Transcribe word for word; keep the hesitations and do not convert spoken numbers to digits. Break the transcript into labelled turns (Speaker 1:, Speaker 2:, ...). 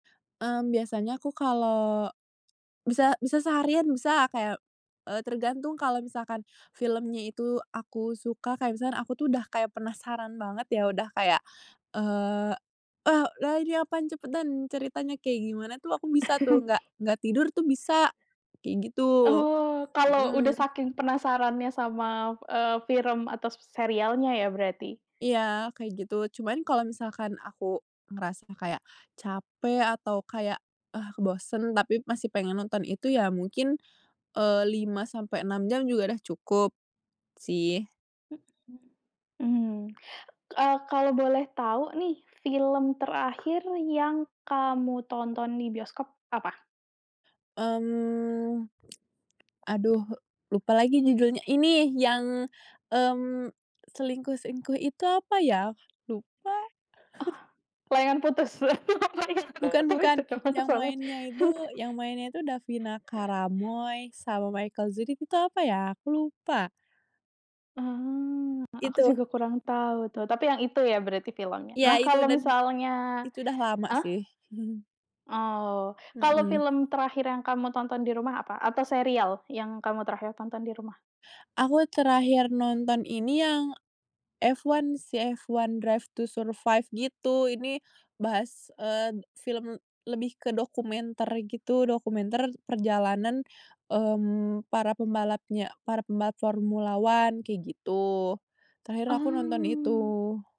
Speaker 1: Mmm, biasanya aku kalau bisa bisa seharian, bisa, kayak, eee tergantung. Kalau misalkan filmnya itu aku suka, kayak misalkan aku tuh udah kayak penasaran banget ya, udah kayak, eee eee, udah ini apaan, cepetan, ceritanya kayak gimana tuh aku bisa tuh, nggak nggak tidur tuh bisa, kayak gitu,
Speaker 2: Oh, kalau udah
Speaker 1: hmm.
Speaker 2: saking penasarannya sama, eee, film atau serialnya ya berarti?
Speaker 1: Iya, kayak gitu. Cuman, kalo misalkan aku ngerasanya kayak capek atau kayak, ah, bosen, tapi masih pengen nonton itu, ya mungkin, eee, lima sampai enam jam juga udah cukup, sih.
Speaker 2: Hmm, mmm, eee, kalau boleh tahu nih, film terakhir yang kamu tonton di bioskop, apa?
Speaker 1: Mmm, aduh lupa lagi judulnya. Ini, yang, mmm, selingkuh-selingkuh itu apa ya? Lupa.
Speaker 2: Oh, layangan putus?
Speaker 1: Bukan bukan, yang mainnya itu yang
Speaker 2: [unintelligible]
Speaker 1: mainnya itu Davina Karamoy sama Michelle Ziudith itu apa ya? Aku lupa.
Speaker 2: Oh, a aku
Speaker 1: Itu.
Speaker 2: juga kurang tahu tuh, tapi yang itu ya berarti filmnya.
Speaker 1: Iya,
Speaker 2: Nah
Speaker 1: itu,
Speaker 2: kalau
Speaker 1: dan
Speaker 2: misalnya
Speaker 1: itu udah lama
Speaker 2: ah?
Speaker 1: sih.
Speaker 2: Oh, kalau
Speaker 1: Hmm.
Speaker 2: film terakhir yang kamu tonton di rumah, apa? Atau serial yang kamu terakhir tonton di rumah?
Speaker 1: Aku terakhir nonton ini, yang F1 sih, Formula 1: Drive to Survive, gitu. Ini bahas, eee, film lebih ke dokumenter gitu, dokumenter perjalanan, mmm, para pembalapnya para pembalap Formula 1, kayak gitu. Terakhir, aku nonton
Speaker 2: Mmm.
Speaker 1: itu.